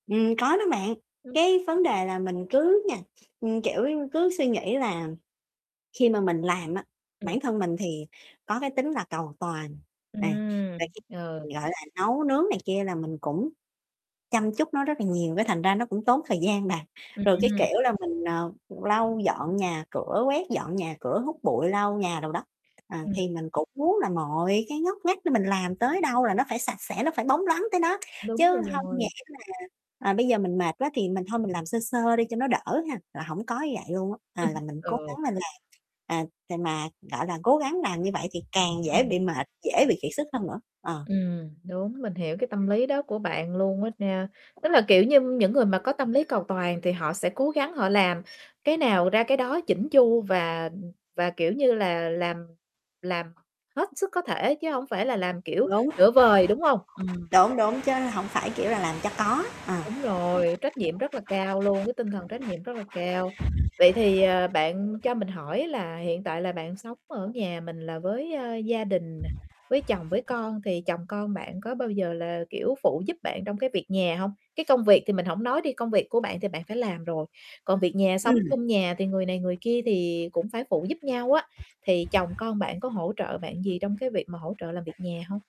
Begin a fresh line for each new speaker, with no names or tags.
Ừm, có đó bạn.
Ừm
Cái
hứm.
vấn đề là mình cứ nha, ừm, kiểu như, cứ suy nghĩ là khi mà mình làm á,
Ừm.
bản thân mình thì có cái tính là cầu toàn, à, rồi
Ừm,
khi
ờ.
mình, gọi là, nấu nướng này kia là mình cũng chăm chút nó rất là nhiều, cái thành ra nó cũng tốn thời gian bà. Rồi cái
Ừm.
kiểu là mình, ờ, lau dọn nhà cửa, quét dọn nhà cửa, hút bụi, lau nhà đồ đó, à,
Ừm.
thì mình cũng muốn là mọi cái ngóc ngách đó, mình làm tới đâu là nó phải sạch sẽ, nó phải bóng loáng tới đó. Chứ
Đúng
hông nhẽ
rồi.
là, à, bây giờ mình mệt quá thì mình thôi mình làm sơ sơ đi cho nó đỡ ha, là hổng có như vậy luôn á. À, là mình
Ừ.
cố gắng mình làm, à, tại mà, gọi là, cố gắng làm như vậy thì càng dễ
Ừm.
bị mệt, dễ bị kiệt sức hơn nữa. Ờ.
Ừm, đúng, mình hiểu cái tâm lý đó của bạn luôn á nha. Tức là, kiểu như, những người mà có tâm lý cầu toàn thì họ sẽ cố gắng họ làm cái nào ra cái đó chỉn chu, và, ừm, và, kiểu như là, làm làm hết sức có thể, chứ hông phải là làm, kiểu,
Đúng.
nửa vời đúng hông? Ừm.
Đúng, đúng. Chớ hổng phải kiểu là làm cho có, ờ.
Đúng rồi, trách nhiệm rất là cao luôn, cái tinh thần trách nhiệm rất là cao. Vậy thì, ờ, bạn cho mình hỏi là hiện tại là bạn sống ở nhà mình là với, a, gia đình nè, với chồng, với con thì chồng con bạn có bao giờ là, kiểu, phụ giúp bạn trong cái việc nhà hông? Cái công việc thì mình hổng nói đi, công việc của bạn thì bạn phải làm rồi, còn việc nhà sống
Ừm.
chung nhà thì người này người kia thì cũng phải phụ giúp nhau á, thì chồng
[unintelligible]
con bạn có hỗ trợ bạn gì trong cái việc mà hỗ trợ làm việc nhà hông?